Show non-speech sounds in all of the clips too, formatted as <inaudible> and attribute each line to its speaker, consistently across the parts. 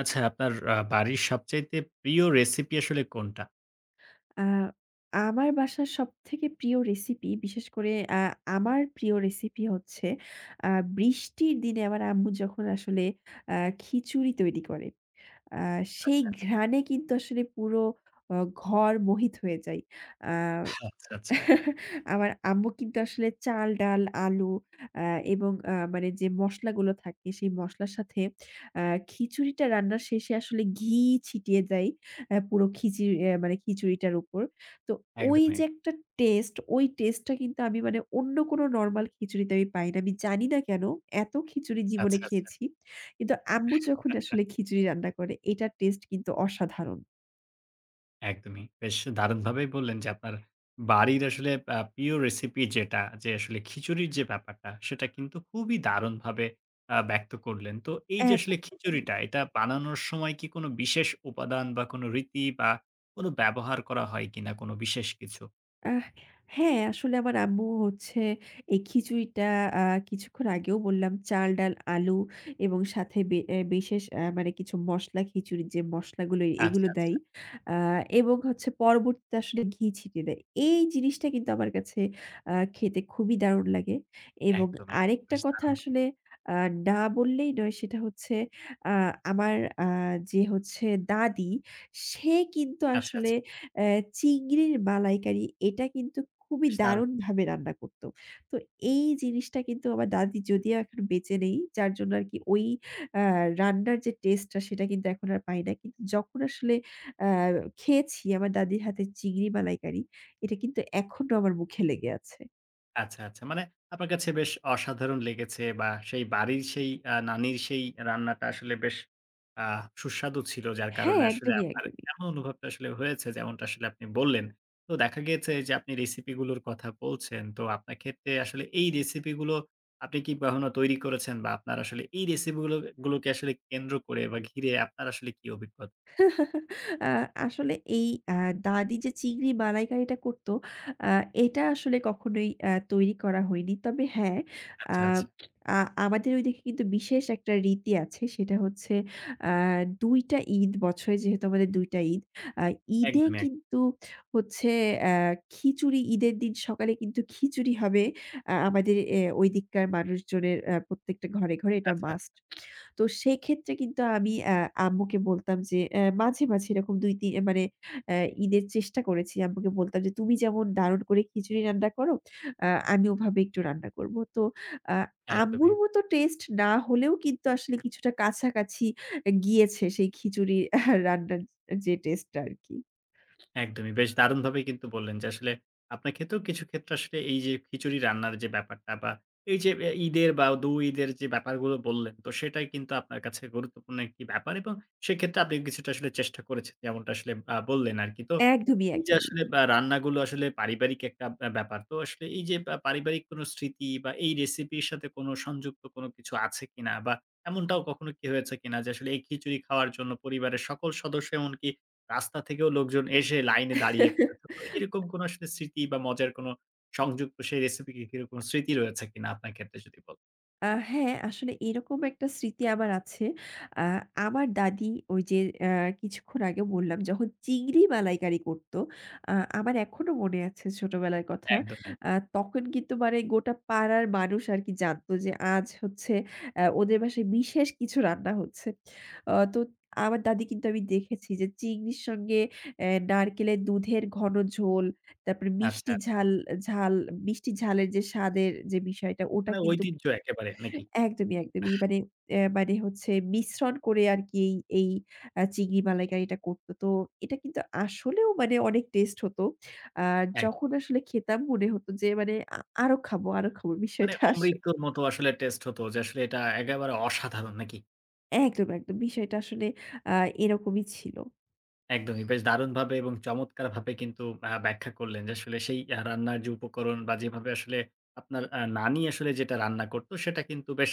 Speaker 1: আচ্ছা, আপনার আ বাড়ির সবচাইতে প্রিয় রেসিপি আসলে কোনটা?
Speaker 2: আ আমার বাসার সবথেকে প্রিয় রেসিপি, বিশেষ করে আ আমার প্রিয় রেসিপি হচ্ছে, আ বৃষ্টির দিনে আমার আম্মু যখন আসলে আ খিচুড়ি তৈরি করে। আ সেই
Speaker 1: আচ্ছা, আচ্ছা।
Speaker 2: ঘ্রাণে কিন্তু আসলে পুরো ঘর মোহিত হয়ে যায়। আ
Speaker 1: <blows air> আচ্ছা, আচ্ছা।
Speaker 2: <chuckles> আমার আম্মু কিন্তু আসলে চাল, ডাল, আলু আ এবং আ মানে যে মসলাগুলো থাকে সেই মসলার সাথে আ খিচুড়িটা রান্নার শেষে আসলে ঘি ছিটিয়ে দেয় আ পুরো খিচুড়ি মানে খিচুড়িটার উপর। তো ওই
Speaker 1: একদমই।
Speaker 2: যে একটা টেস্ট, ওই টেস্ট টা কিন্তু আমি মানে অন্য কোনো নরমাল খিচুড়িতে আমি পাই না। আমি জানি না কেন এত খিচুড়ি জীবনে
Speaker 1: আচ্ছা, আচ্ছা।
Speaker 2: খেয়েছি কিন্তু আম্মু যখন
Speaker 1: <chuckles>
Speaker 2: আসলে খিচুড়ি রান্না করে এটার টেস্ট কিন্তু অসাধারণ।
Speaker 1: একদমই। বেশ দারুণভাবেই বললেন যে আপনার বাড়ির আসলে আ প্রিয় রেসিপি যেটা, যে আসলে খিচুড়ির যে ব্যাপারটা সেটা কিন্তু খুবই দারুণভাবে আ ব্যক্ত করলেন। তো এই যে আসলে
Speaker 2: একদম।
Speaker 1: খিচুড়িটা এটা বানানোর সময় কি কোনো বিশেষ উপাদান বা কোনো রীতি বা কোনো ব্যবহার করা হয় কিনা কোনো বিশেষ কিছু?
Speaker 2: আ হ্যাঁ, আসলে আমার আম্মু হচ্ছে এই খিচুড়িটা আ কিছুক্ষণ আগেও বললাম চাল, ডাল, আলু এবং সাথে বে এ্যা বিশেষ এ্যা মানে কিছু মসলা খিচুড়ির, যে মসলাগুলো এগুলো
Speaker 1: আচ্ছা,
Speaker 2: দেয়
Speaker 1: আচ্ছা।
Speaker 2: আ এবং হচ্ছে পরবর্তীতে আসলে ঘি ছিটিয়ে দেয়। এই জিনিসটা কিন্তু আমার কাছে আ খেতে খুবই দারুন লাগে এবং
Speaker 1: একদম, একদম।
Speaker 2: আরেকটা
Speaker 1: বেশ
Speaker 2: কথা
Speaker 1: দারুণ
Speaker 2: আসলে না বললেই নয় সেটা হচ্ছে, আ আমার আ যে হচ্ছে দাদি, সে কিন্তু
Speaker 1: আচ্ছা,
Speaker 2: আসলে
Speaker 1: আচ্ছা।
Speaker 2: এ্যা চিংড়ির মালাইকারি এটা কিন্তু খুবই
Speaker 1: বেশ দারুণ
Speaker 2: দারুনভাবে রান্না করতো। তো এই জিনিসটা কিন্তু আমার দাদি যদিও এখন বেঁচে নেই, যার জন্য আর কি ওই আ রান্নার যে taste টা সেটা কিন্তু এখন আর পাই না। কিন্তু যখন আসলে আ খেয়েছি আমার দাদির হাতে চিংড়ি মালাইকারি, এটা কিন্তু এখনো আমার মুখে লেগে আছে।
Speaker 1: আচ্ছা, আচ্ছা। মানে আপনার কাছে বেশ অসাধারণ লেগেছে বা সেই বাড়ির সেই আ নানীর সেই রান্নাটা আসলে বেশ আহ সুস্বাদু ছিল। যার
Speaker 2: হ্যাঁ,
Speaker 1: কারণে আসলে
Speaker 2: একদমই,
Speaker 1: আপনার
Speaker 2: একদমই।
Speaker 1: এমন অনুভবটা আসলে হয়েছে যেমনটা আসলে আপনি বললেন। তো দেখা গেছে যে আপনি recipe গুলোর কথা বলছেন। তো আপনার ক্ষেত্রে আসলে এই recipe গুলো, আপনি কি কখনো তৈরি করেছেন বা আপনার আসলে এই recipe গুলো গুলোকে আসলে কেন্দ্র করে বা ঘিরে আপনার আসলে কি অভিজ্ঞ
Speaker 2: <chuckles> আ আসলে এই আ দাদি যে চিংড়ি মালাইকারিটা করতো আ এটা আসলে কখনোই আ তৈরি করা হয়নি। তবে হ্যাঁ, আ
Speaker 1: আচ্ছা, আচ্ছা।
Speaker 2: আ আমাদের ওইদিকে কিন্তু বিশেষ একটা রীতি আছে সেটা হচ্ছে, আ ২ টা ঈদ বছরে যেহেতু আমাদের ২ টা ঈদ। আ ঈদে
Speaker 1: একদম, একদম।
Speaker 2: কিন্তু হচ্ছে অ্যাঁ খিচুড়ি, ঈদের দিন সকালে কিন্তু খিচুড়ি হবে আ আমাদের ওইদিককার মানুষজনের এ্যা প্রত্যেকটা ঘরে, ঘরে
Speaker 1: আচ্ছা,
Speaker 2: এটা
Speaker 1: আচ্ছা।
Speaker 2: must। তো সেক্ষেত্রে কিন্তু আমি আ আম্মুকে বলতাম যে আ মাঝে, মাঝে এরকম ২ তি মানে অ্যাঁ ঈদের চেষ্টা করেছি। আম্মুকে বলতাম যে তুমি যেমন দারুন করে খিচুড়ি রান্না করো আ আমি ওভাবে একটু রান্না করব। তো আ আম্মুর
Speaker 1: একদমই।
Speaker 2: মত taste না হলেও কিন্তু আসলে কিছুটা কাছাকাছি গিয়েছে সেই খিচুড়ির রান্নার যে taste টা আর কি।
Speaker 1: একদমই। বেশ দারুণভাবেই কিন্তু বললেন যে, আসলে আপনার ক্ষেত্রেও কিছু ক্ষেত্রে আসলে এই যে খিচুড়ি রান্নার যে ব্যাপারটা বা এই যে এ্যা ঈদের বা দু ঈদের যে ব্যাপারগুলো বললেন। তো সেটাই কিন্তু আপনার কাছে গুরুত্বপূর্ণ একটি ব্যাপার এবং সেক্ষেত্রে আপনি কিছুটা আসলে চেষ্টা করেছেন যেমনটা আসলে আ বললেন আরকি। তো
Speaker 2: একদমই,
Speaker 1: এই যে
Speaker 2: একদমই।
Speaker 1: আসলে বা রান্নাগুলো আসলে পারিবারিক একটা আ ব্যাপার। তো আসলে এই যে পা পারিবারিক কোনো স্মৃতি বা এই recipe র সাথে কোনো সংযুক্ত কোনো কিছু আছে কিনা? বা এমনটাও কখনো কি হয়েছে কিনা যে আসলে এই খিচুড়ি খাওয়ার জন্য পরিবারের সকল সদস্য এমনকি, রাস্তা থেকেও লোকজন এসে লাইনে দাঁড়িয়ে পড়েছিল? তো এরকম
Speaker 2: <laughs>
Speaker 1: কোনো আসলে স্মৃতি বা মজার কোনো সংযুক্ত সেই recipe কি কিরকম স্মৃতি রয়েছে কিনা? আপনার ক্ষেত্রে যদি বল
Speaker 2: আ হ্যাঁ, আসলে এরকম একটা স্মৃতি আমার আছে। আ আমার দাদি ওই যে, অ্যাঁ কিছুক্ষণ আগে বললাম যখন চিংড়ি মালাইকারি করতো। আ আমার এখনো মনে আছে ছোটবেলার কথা।
Speaker 1: একদমই।
Speaker 2: আ তখন কিন্তু মানে গোটা পাড়ার মানুষ আর কি জানত যে আজ হচ্ছে অ্যাঁ ওদের বাসায় বিশেষ কিছু রান্না হচ্ছে। অ তো আমার দাদি কিন্তু আমি দেখেছি যে চিংড়ির সঙ্গে অ্যাঁ নারকেলের দুধের ঘন ঝোল, তারপরে
Speaker 1: আচ্ছা,
Speaker 2: মিষ্টি
Speaker 1: আচ্ছা।
Speaker 2: ঝাল, ঝাল-মিষ্টি, ঝালের যে স্বাদের যে বিষয়টা ওটা
Speaker 1: মানে
Speaker 2: কিন্তু
Speaker 1: ঐতিহ্য একেবারে, নাকি? আহ
Speaker 2: একদমই, একদমই ই মানে, এ্যা মানে হচ্ছে মিশ্রণ করে আর কি এই এই আ চিংড়ি মালাইকারিটা করতো। তো এটা কিন্তু আসলেও মানে অনেক taste হতো। আ
Speaker 1: এক
Speaker 2: যখন আসলে খেতাম মনে হতো যে মানে আ আরো খাবো আরো খাবো
Speaker 1: মানে
Speaker 2: বিষয়টা আস
Speaker 1: অমৃতর মতো আসলে taste হতো যে আসলে এটা একেবারে অসাধারণ, নাকি?
Speaker 2: একদম, একদম বিষয়টা আসলে আ এরকমই ছিল।
Speaker 1: একদমই। বেশ দারুণভাবে এবং চমৎকারভাবে কিন্তু অ্যা ব্যাখ্যা করলেন যে আসলে সেই আ রান্নার যে উপকরণ বা যেভাবে আসলে আপনার আ নানী আসলে যেটা রান্না করতো, সেটা কিন্তু বেশ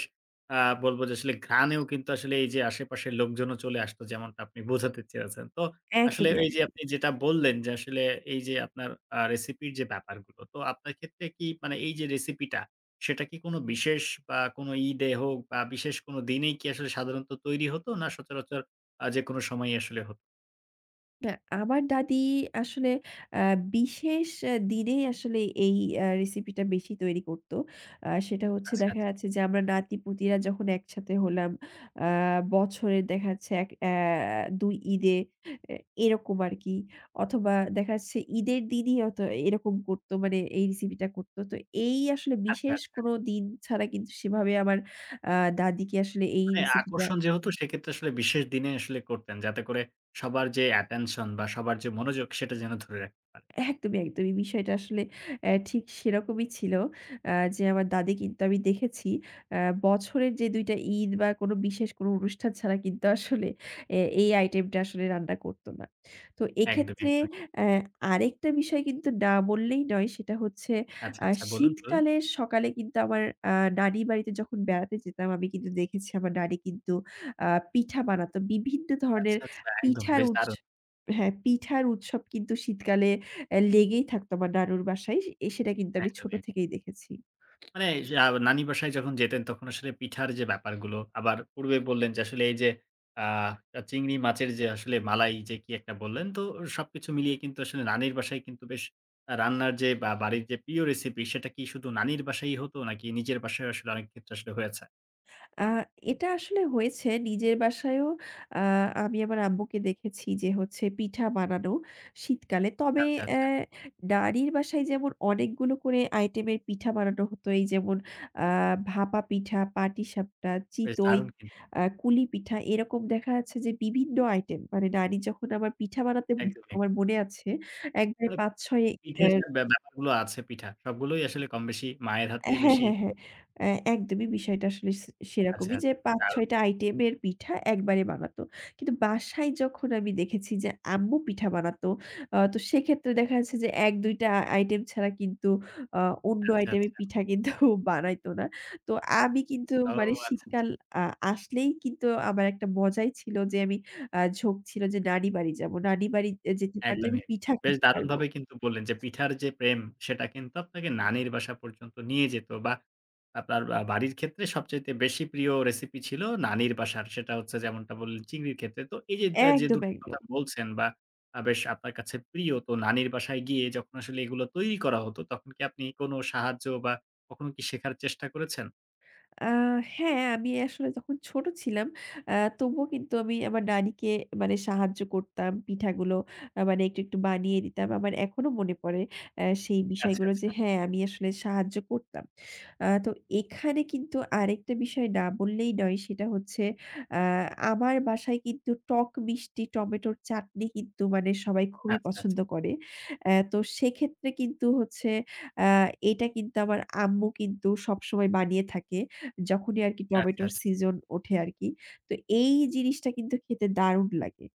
Speaker 1: আ বলব যে আসলে ঘ্রাণেও কিন্তু আসলে এই যে আশেপাশের লোকজনও চলে আসতো যেমনটা আপনি বোঝাতে চেয়েছেন। তো আসলে
Speaker 2: একদমই,
Speaker 1: এই যে
Speaker 2: একদমই।
Speaker 1: আপনি যেটা বললেন, যে আসলে এই যে আপনার আ recipe এর যে ব্যাপারগুলো, তো আপনার ক্ষেত্রে কি মানে এই যে recipe টা, সেটা কি কোনো বিশেষ বা কোনো ঈদে হোক বা বিশেষ কোনো দিনেই কি আসলে সাধারণত তৈরি হতো? না সচরাচর আ যেকোনো সময়েই আসলে হতো?
Speaker 2: না আমার দাদি আসলে আ বিশেষ অ্যা দিনেই আসলে এই অ্যা recipe টা বেশি তৈরি করতো। আ সেটা হচ্ছে
Speaker 1: আচ্ছা
Speaker 2: দেখা
Speaker 1: আচ
Speaker 2: যাচ্ছে যে আমরা নাতি-পুতিরা যখন একসাথে হলাম, আ বছরে দেখা যাচ্ছে এক অ্যা ২ ঈদে, এ এরকম আরকি। অথবা দেখা যাচ্ছে ঈদের দিনই হয়তো এরকম করতো মানে এই recipe টা করতো। তো এই আসলে
Speaker 1: আচ্ছা,
Speaker 2: বিশেষ
Speaker 1: আচ্ছা।
Speaker 2: কোনো দিন ছাড়া কিন্তু সেভাবে আমার আ দাদিকে আসলে এই
Speaker 1: মানে
Speaker 2: recipe টা
Speaker 1: আকর্ষণ যে হতো সেক্ষেত্রে আসলে বিশেষ দিনে আসলে করতেন। যাতে করে সবার যে attention বা সবার যে মনোযোগ সেটা যেন ধরে রাখতে পারে।
Speaker 2: একদমই, একদমই। বিষয়টা আসলে অ্যা ঠিক সেরকমই ছিল। অ্যা যে আমার দাদি কিন্তু আমি দেখেছি অ্যা বছরের যে ২ টা ঈদ বা কোনো বিশেষ কোনো অনুষ্ঠান ছাড়া কিন্তু আসলে এ এই item টা আসলে রান্না করতো না। তো
Speaker 1: একদমই,
Speaker 2: এক্ষেত্রে
Speaker 1: একদমই।
Speaker 2: অ্যা আরেকটা বিষয় কিন্তু না বললেই নয়। সেটা হচ্ছে
Speaker 1: আচ্ছা,
Speaker 2: আ
Speaker 1: আচ্ছা। বলুন, বলুন।
Speaker 2: শীতকালের সকালে কিন্তু আমার আ নানি বাড়িতে যখন বেড়াতে যেতাম আমি কিন্তু দেখেছি আমার নানি কিন্তু আ পিঠা বানাতো। বিভিন্ন ধরনের
Speaker 1: আচ্ছা, আচ্ছা। একদম
Speaker 2: পিঠার
Speaker 1: বেশ
Speaker 2: উৎ
Speaker 1: দারুণ!
Speaker 2: হ্যাঁ, পিঠার উৎসব কিন্তু শীতকালে অ্যা লেগেই থাকত আমার নানুর বাসায় সে এ সেটা কিন্তু আমি ছোট
Speaker 1: একদমই এক
Speaker 2: থেকেই দেখেছি।
Speaker 1: মানে এই যা নানি বাসায় যখন যেতেন তখন আসলে পিঠার যে ব্যাপারগুলো। আবার পূর্বে বললেন, যে আসলে এই যে আ চিংড়ি মাছের যে আসলে মালাই যে কি একটা বললেন। তো সবকিছু মিলিয়ে কিন্তু আসলে নানির বাসায় কিন্তু বেশ আ রান্নার যে বা বাড়ির যে প্রিয় recipe সেটা কি শুধু নানির বাসায়ই হতো নাকি নিজের বাসায়ও আসলে অনেক ক্ষেত্রে আসলে হয়েছে?
Speaker 2: আ এটা আসলে হয়েছে নিজের বাসায়ও। আ আমি আমার আম্মুকে দেখেছি যে হচ্ছে পিঠা বানানো শীতকালে। তবে
Speaker 1: আচ্ছা,
Speaker 2: অ্যা
Speaker 1: আচ্ছা।
Speaker 2: নানীর বাসায় যেমন অনেকগুলো করে আইটেমের পিঠা বানানো হতো, এই যেমন আ ভাপা পিঠা, পাটিসাপটা,
Speaker 1: বেশ
Speaker 2: চিতই,
Speaker 1: দারুন কিন
Speaker 2: আ কুলি পিঠা এরকম দেখা যাচ্ছে যে বিভিন্ন আইটেম। মানে নানি যখন আমার পিঠা বানাতেন
Speaker 1: একদমই।
Speaker 2: আমার মনে আছে একবারে
Speaker 1: মানে
Speaker 2: ৫-৬ অ্যা
Speaker 1: পিঠের যে ব্যাপারগুলো আছে পিঠা সবগুলোই আসলে কম বেশি মায়ের হাতে
Speaker 2: এ হ্যাঁ,
Speaker 1: বেশি
Speaker 2: হ্যাঁ হ্যাঁ,
Speaker 1: <unintelligible>
Speaker 2: অ্যা একদমই বিষয়টা আসলে সে
Speaker 1: আচ্ছা,
Speaker 2: সেরকমই যে
Speaker 1: আচ্ছা। বেশ দারুন।
Speaker 2: ৫-৬ টা আইটেমের পিঠা একবারে বানাত। কিন্তু বাসায় যখন আমি দেখেছি যে আম্মু পিঠা বানাত, আ তো সেক্ষেত্রে দেখা যাচ্ছে যে ১-২ টা আইটেম ছাড়া কিন্তু আ অন্য
Speaker 1: আচ্ছা,
Speaker 2: আইটেমের
Speaker 1: আচ্ছা।
Speaker 2: পিঠা কিন্তু বানাইত না। তো আমি কিন্তু
Speaker 1: ও
Speaker 2: মানে
Speaker 1: আচ্ছা, আচ্ছা।
Speaker 2: শীতকাল আ আসলেই কিন্তু আমার একটা মজাই ছিল যে আমি আ ঝোঁক ছিল যে নানি বাড়ি যাব। নানি বাড়ি যেতে পারলে আমি
Speaker 1: একদমই।
Speaker 2: পিঠা
Speaker 1: বেশ
Speaker 2: খাইতে পারবো।
Speaker 1: দারুণভাবে কিন্তু বললেন যে পিঠার যে প্রেম, সেটা কিন্তু আপনাকে নানির বাসা পর্যন্ত নিয়ে যেত বা আপনার আ বাড়ির ক্ষেত্রে সবচাইতে বেশি প্রিয় recipe ছিল নানির বাসার। সেটা হচ্ছে যেমনটা বললেন চিংড়ির ক্ষেত্রে। তো এই যে
Speaker 2: একদম,
Speaker 1: ২ টো
Speaker 2: একদম।
Speaker 1: কথা বলছেন বা আ বেশ আপনার কাছে প্রিয় তো নানির বাসায় গিয়ে যখন আসলে এগুলো তৈরি করা হতো তখন কি আপনি কোনো সাহায্য বা কখনো কি শেখার চেষ্টা করেছেন?
Speaker 2: আ হ্যাঁ, আমি আসলে যখন ছোট ছিলাম, অ্যা তবুও কিন্তু আমি আমার নানিকে মানে সাহায্য করতাম, পিঠাগুলো আ মানে একটু একটু বানিয়ে দিতাম। আমার এখনও মনে পড়ে, আ সেই
Speaker 1: আচ্ছা,
Speaker 2: বিষয়গুলো
Speaker 1: আচ্ছা।
Speaker 2: যে, হ্যাঁ আমি আসলে সাহায্য করতাম। আ তো এখানে কিন্তু আরেকটা বিষয় না বললেই নয়, সেটা হচ্ছে আ আমার বাসায় কিন্তু টক-মিষ্টি টমেটোর চাটনি কিন্তু মানে সবাই খুবই
Speaker 1: আচ্ছা, আচ্ছা।
Speaker 2: পছন্দ করে। অ্যা তো সেক্ষেত্রে কিন্তু হচ্ছে আ এটা কিন্তু আমার আম্মু কিন্তু সবসময় বানিয়ে থাকে, যখনই আর কি
Speaker 1: আচ্ছা,
Speaker 2: টমেটোর
Speaker 1: আচ্ছা।
Speaker 2: সিজন ওঠে আর কি। তো এই জিনিসটা কিন্তু খেতে দারুণ লাগে।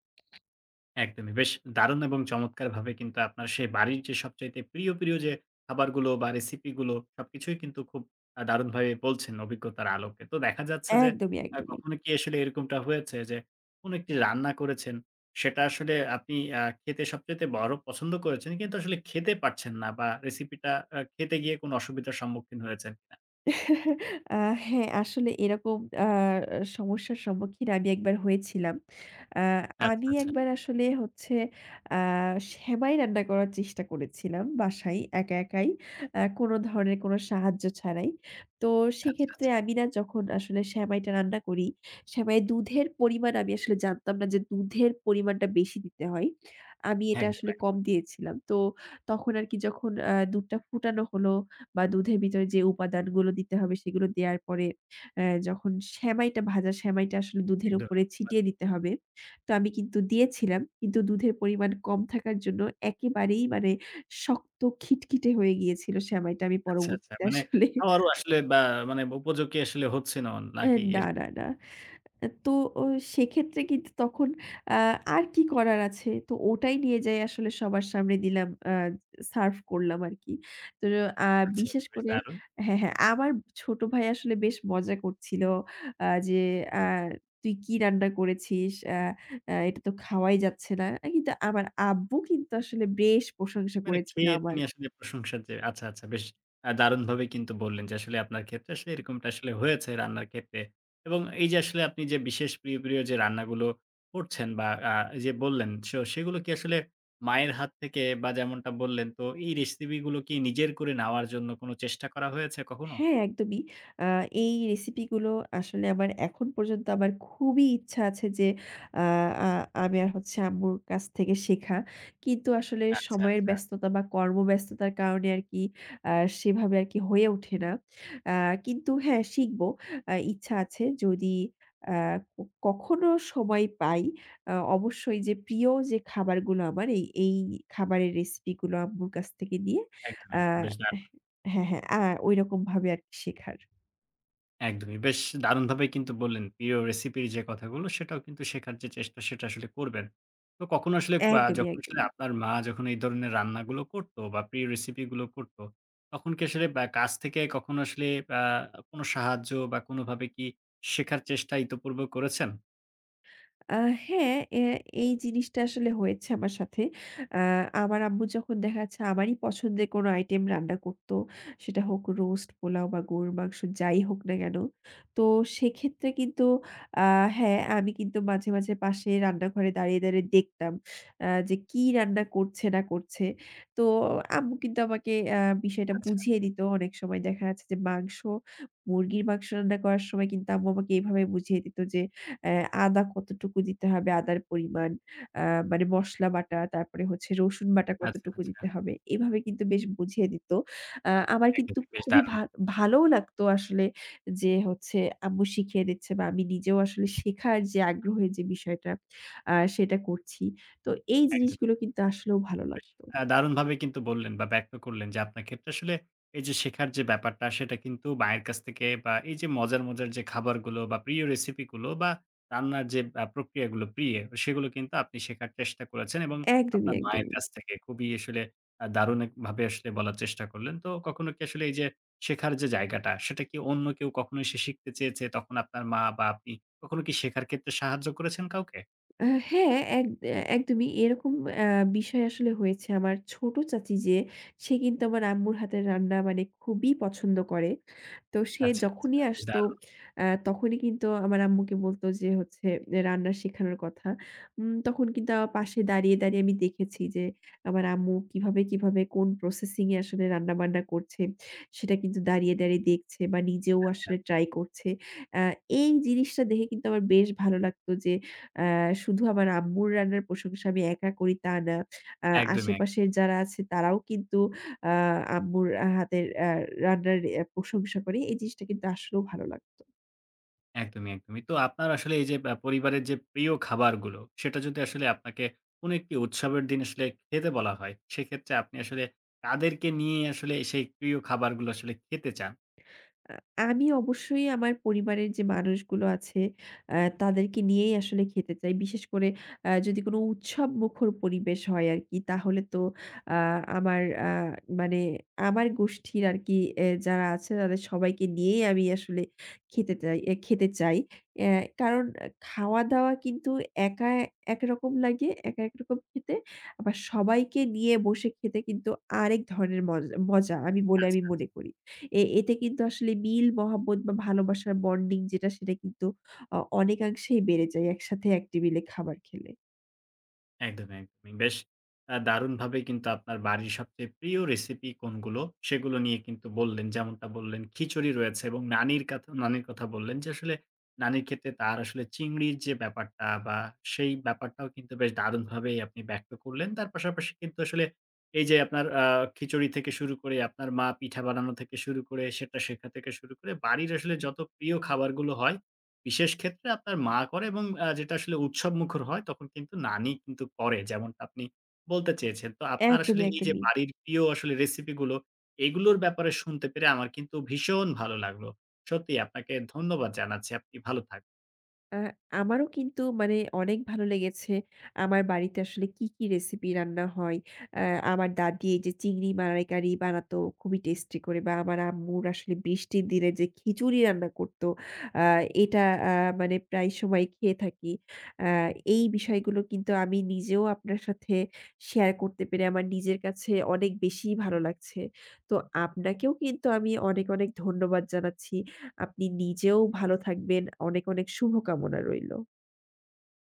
Speaker 1: একদমই। বেশ দারুণ এবং চমৎকারভাবে কিন্তু আপনার সে বাড়ির যে সবচাইতে প্রিয়, প্রিয় যে খাবারগুলো বা রেসিপিগুলো, সবকিছুই কিন্তু খুব আ দারুণভাবে বলছেন অভিজ্ঞতার আলোকে। তো দেখা যাচ্ছে যে,
Speaker 2: একদমই,
Speaker 1: আ
Speaker 2: একদমই।
Speaker 1: কখনো কি আসলে এরকমটা হয়েছে যে কোন একটি রান্না করেছেন, সেটা আসলে আপনি আ খেতে সবচাইতে বড় পছন্দ করেছেন, কিন্তু আসলে খেতে পারছেন না বা রেসিপিটা আ খেতে গিয়ে কোন অসুবিধার সম্মুখীন হয়েছেন কিনা?
Speaker 2: <chuckles> আ হ্যাঁ, আসলে এরকম আ সমস্যার সম্মুখীন আমি একবার হয়েছিলাম। আ
Speaker 1: আচ্ছা,
Speaker 2: আমি
Speaker 1: আচ্ছা।
Speaker 2: একবার আসলে হচ্ছে, আ সেমাই রান্না করার চেষ্টা করেছিলাম বাসায় একা একাই, আ কোন ধরনের কোন সাহায্য ছাড়াই। তো
Speaker 1: আচ্ছা,
Speaker 2: সেক্ষেত্রে
Speaker 1: আচ্ছা।
Speaker 2: আমি না যখন আসলে সেমাইটা রান্না করি, সেমাই দুধের পরিমাণ আমি আসলে জানতাম না যে দুধের পরিমাণটা বেশি দিতে হয়। আমি এটা
Speaker 1: একদম
Speaker 2: আসলে
Speaker 1: একদম।
Speaker 2: কম দিয়েছিলাম। তো তখন আর কি যখন আ দুধটা ফুটানো হলো বা দুধের ভিতরে যে উপাদানগুলো দিতে হবে সেগুলো দেয়ার পরে যখন অ্যা সেমাইটা ভাজা সেমাইটা আসলে দুধের
Speaker 1: একদম
Speaker 2: উপরে
Speaker 1: একদম।
Speaker 2: ছিটিয়ে দিতে হবে। তো আমি কিন্তু দিয়েছিলাম, কিন্তু দুধের পরিমাণ কম থাকার জন্য একেবারেই মানে শক্ত খিটখিটে হয়ে গিয়েছিল সেমাইটা আমি
Speaker 1: আচ্ছা, আচ্ছা।
Speaker 2: পরবর্তীতে
Speaker 1: মানে
Speaker 2: আসলে
Speaker 1: খাবারও আসলে বা মানে উপযোগী আসলে হচ্ছিল না
Speaker 2: অ্যা
Speaker 1: কি?
Speaker 2: না,
Speaker 1: এর
Speaker 2: না, না। অ্যা তো সেক্ষেত্রে কিন্তু তখন আ আর কি করার আছে? তো ওটাই নিয়ে যাই, আসলে সবার সামনে দিলাম, আ সার্ভ করলাম আর কি। তো আ
Speaker 1: আচ্ছা,
Speaker 2: বিশেষ
Speaker 1: বেশ
Speaker 2: করে
Speaker 1: দারুণ!
Speaker 2: হ্যাঁ হ্যাঁ আমার ছোট ভাই আসলে বেশ মজা করছিল আ যে, আ "তুই কি রান্না করেছিস? অ্যা অ্যা এটা তো খাওয়াই যাচ্ছে না।" কিন্তু আমার আব্বু কিন্তু আসলে বেশ প্রশংসা
Speaker 1: মানে
Speaker 2: করেছিল
Speaker 1: খেয়ে
Speaker 2: আমার।
Speaker 1: তিনি আসলে প্রশংসার যে আচ্ছা, আচ্ছা। বেশ আ দারুণভাবে কিন্তু বললেন যে আসলে আপনার ক্ষেত্রে আসলে এরকমটা আসলে হয়েছে রান্নার ক্ষেত্রে। এবং এই যে আসলে আপনি যে বিশেষ প্রিয়, প্রিয় যে রান্নাগুলো করছেন বা আ যে বললেন, সে সেগুলো কি আসলে মায়ের হাত থেকে বা যেমনটা বললেন তো, এই রেসিপিগুলো কি নিজের করে নেওয়ার জন্য কোন চেষ্টা করা হয়েছে কখনো?
Speaker 2: হ্যাঁ, একদমই। আ এই রেসিপিগুলো আসলে আমার এখন পর্যন্ত আমার খুবই ইচ্ছা আছে যে আ আ আমি আর হচ্ছে আম্মুর কাছ থেকে শেখা। কিন্তু আসলে
Speaker 1: আচ্ছা,
Speaker 2: সময়ের
Speaker 1: আচ্ছা।
Speaker 2: ব্যস্ততা বা কর্মব্যস্ততার কারণে আর কি আ সেভাবে আর কি হয়ে ওঠে না। আ কিন্তু হ্যাঁ শিখবো, আ ইচ্ছা আছে। যদি আ কখনো সময় পাই, আ অবশ্যই যে প্রিয় যে খাবারগুলো আমার এই এই খাবারের রেসিপিগুলো আম্মুর কাছ থেকে নিয়ে,
Speaker 1: একদম,
Speaker 2: আ
Speaker 1: একদম। বেশ দারুণ।
Speaker 2: হ্যাঁ, হ্যাঁ, আ ওইরকমভাবে আর কি শেখার।
Speaker 1: একদমই। বেশ দারুণভাবে কিন্তু বললেন প্রিয় recipe র যে কথাগুলো সেটাও কিন্তু শেখার যে চেষ্টা সেটা আসলে করবেন। তো কখনো আসলে বা
Speaker 2: একদমই,
Speaker 1: যখন আসলে
Speaker 2: একদমই।
Speaker 1: আপনার মা যখন এই ধরনের রান্নাগুলো করতো বা প্রিয় recipe গুলো করতো, তখন কি আসলে অ্যা কাছ থেকে কখনো আসলে অ্যা কোন সাহায্য বা কোনভাবে কি শেখার চেষ্টা ইতপূর্বে করেছেন?
Speaker 2: আ হ্যাঁ, অ্যা এই জিনিসটা আসলে হয়েছে আমার সাথে। অ্যা আমার আম্মু যখন দেখা যাচ্ছে আমারই পছন্দের কোন item রান্না করতো সেটা হোক রোস্ট, পোলাও বা গরুর মাংস যাই হোক না কেন। তো সেক্ষেত্রে কিন্তু আ হ্যাঁ আমি কিন্তু মাঝে, মাঝে পাশে রান্নাঘরে দাঁড়িয়ে, দাঁড়িয়ে দেখতাম আ যে কি রান্না করছে না করছে। তো আম্মু কিন্তু আমাকে অ্যা বিষয়টা
Speaker 1: আচ্ছা,
Speaker 2: বুঝিয়ে
Speaker 1: আচ্ছা।
Speaker 2: দিত। অনেক সময় দেখা যাচ্ছে যে মাংস মুরগির মাংস রান্না করার সময় কিন্তু আম্মু আমাকে এভাবে বুঝিয়ে দিত যে অ্যা আদা কতটুকু দিতে হবে, আদার পরিমাণ, অ্যা মানে মসলা বাটা তারপরে হচ্ছে রসুন বাটা
Speaker 1: আচ্ছা,
Speaker 2: কতটুকু
Speaker 1: আচ্ছা।
Speaker 2: দিতে হবে? এভাবে কিন্তু বেশ বুঝিয়ে দিত। আ আমার কিন্তু
Speaker 1: একদমই। বেশ
Speaker 2: খুবই
Speaker 1: দারুন।
Speaker 2: ভা ভালোও লাগত আসলে যে হচ্ছে আম্মু শিখিয়ে দিচ্ছে বা আমি নিজেও আসলে শেখার যে আগ্রহই যে বিষয়টা আ সেটা করছি। তো এই
Speaker 1: একদমই।
Speaker 2: জিনিসগুলো কিন্তু আসলেও ভালো
Speaker 1: বেশ
Speaker 2: লাগত।
Speaker 1: আ দারুণভাবে কিন্তু বললেন বা ব্যক্ত করলেন যে আপনার ক্ষেত্রে আসলে এই যে শেখার যে ব্যাপারটা সেটা কিন্তু মায়ের কাছ থেকে বা এই যে মজার, মজার যে খাবারগুলো বা প্রিয় recipe গুলো বা রান্নার যে অ্যা প্রক্রিয়াগুলো প্রিয়ে, সেগুলো কিন্তু আপনি শেখার চেষ্টা করেছেন এবং
Speaker 2: একদমই,
Speaker 1: আপনার মায়ের
Speaker 2: একদমই।
Speaker 1: কাছ থেকে। খুবই আসলে আ দারুণ এক ভাবে আসলে বলার চেষ্টা করলেন। তো কখনো কি আসলে এই যে শেখার যে জায়গাটা, সেটা কি অন্য কেউ কখনো এসে শিখতে চেয়েছে? তখন আপনার মা বা আপনি কখনো কি শেখার ক্ষেত্রে সাহায্য করেছেন কাউকে?
Speaker 2: অ্যা হ্যাঁ, এক একদমই এরকম অ্যা বিষয় আসলে হয়েছে। আমার ছোট চাচী যে, সে কিন্তু আমার আম্মুর হাতের রান্না মানে খুবই পছন্দ করে। তো সে
Speaker 1: আচ্ছা, আচ্ছা,
Speaker 2: যখনই
Speaker 1: বেশ
Speaker 2: আসতো
Speaker 1: দারুন।
Speaker 2: আ তখনই কিন্তু আমার আম্মুকে বলতো যে হচ্ছে রান্না শেখানোর কথা। উম তখন কিন্তু আমার পাশে দাঁড়িয়ে, দাঁড়িয়ে, আমি দেখেছি যে আমার আম্মু কিভাবে, কিভাবে, কোন processing এ আসলে রান্নাবান্না করছে সেটা কিন্তু দাঁড়িয়ে, দাঁড়িয়ে, দেখছে বা নিজেও
Speaker 1: আচ্ছা।
Speaker 2: আসলে try করছে। আ এই জিনিসটা দেখে কিন্তু আমার বেশ ভালো লাগতো যে আ শুধু আমার আম্মুর রান্নার প্রশংসা আমি একা করি তা না, অ্যা
Speaker 1: একদমই এক
Speaker 2: আশেপাশের যারা আছে তারাও কিন্তু আ আম্মুর হাতের আ রান্নার অ্যা প্রশংসা করে। এই জিনিসটা কিন্তু আসলেও ভালো লাগতো।
Speaker 1: একদমই, একদমই। তো আপনার আসলে এই যে বা পরিবারের যে প্রিয় খাবারগুলো, সেটা যদি আসলে আপনাকে কোন একটি উৎসবের দিন আসলে খেতে বলা হয়? সেক্ষেত্রে আপনি আসলে কাদেরকে নিয়েই আসলে সেই প্রিয় খাবারগুলো আসলে খেতে চান?
Speaker 2: আ আমি অবশ্যই আমার পরিবারের যে মানুষগুলো আছে অ্যা তাদেরকে নিয়েই আসলে খেতে চাই। বিশেষ করে অ্যা যদি কোন উৎসবমুখর পরিবেশ হয় আরকি, তাহলে তো আ আমার আ মানে আমার গোষ্ঠীর আরকি এ্যা যারা আছে তাদের সবাইকে নিয়েই আমি আসলে খেটে চাই, খেতে চাই। অ্যা কারণ খাওয়া-দাওয়া কিন্তু একা একরকম লাগে, একা একরকম খেতে। আবার সবাইকে নিয়ে বসে খেতে কিন্তু আরেক ধরনের মজ মজা আমি বলে
Speaker 1: আচ্ছা,
Speaker 2: আমি
Speaker 1: আচ্ছা।
Speaker 2: মনে করি। এ এতে কিন্তু আসলে মিল, মহাব্বত বা ভালোবাসার bonding যেটা সেটা কিন্তু অ অনেকাংশেই বেড়ে যায় একসাথে এক টেবিলে খাবার খেলে।
Speaker 1: একদমই, একদমই। বেশ আ দারুনভাবেই কিন্তু আপনার বাড়ির সবচেয়ে প্রিয় recipe কোনগুলো সেগুলো নিয়ে কিন্তু বললেন। যেমনটা বললেন "খিচুড়ি রয়েছে এবং নানির কথা নানির কথা বললেন, যে আসলে নানির ক্ষেত্রে তার আসলে চিংড়ির যে ব্যাপারটা" বা সেই ব্যাপারটাও কিন্তু বেশ দারুনভাবেই আপনি ব্যক্ত করলেন। তার পাশাপাশি কিন্তু আসলে এই যে আপনার আ খিচুড়ি থেকে শুরু করে, আপনার মা পিঠা বানানো থেকে শুরু করে, সেটা শেখা থেকে শুরু করে, বাড়ির আসলে যত প্রিয় খাবারগুলো হয়, বিশেষ ক্ষেত্রে আপনার মা করে এবং আ যেটা আসলে উৎসবমুখর হয় তখন কিন্তু নানি কিন্তু করে যেমনটা আপনি বলতে চেয়েছেন। তো আপনার আসলে
Speaker 2: একদমই,
Speaker 1: এই যে
Speaker 2: একদমই।
Speaker 1: বাড়ির প্রিয় আসলে recipe গুলো, এইগুলোর ব্যাপারে শুনতে পেরে আমার কিন্তু ভীষণ ভালো লাগলো। সত্যিই আপনাকে ধন্যবাদ জানাচ্ছি। আপনি ভালো থাকুন।
Speaker 2: আ আমারও কিন্তু মানে অনেক ভালো লেগেছে। আমার বাড়িতে আসলে কী, কী, recipe রান্না হয়। আ আমার দাদী এই যে চিংড়ি মালাইকারি বানাতো খুবই tasty করে বা আমার আম্মুর আসলে বৃষ্টির দিনে যে খিচুড়ি রান্না করতো, আ এটা আ মানে প্রায়ই সময় খেয়ে থাকি। আ এই বিষয়গুলো কিন্তু আমি নিজেও আপনার সাথে share করতে পেরে আমার নিজের কাছে অনেক বেশিই ভালো লাগছে। তো আপনাকেও কিন্তু আমি অনেক, অনেক ধন্যবাদ জানাচ্ছি। আপনি নিজেও ভালো থাকবেন। অনেক, অনেক শুভকামনা রইল।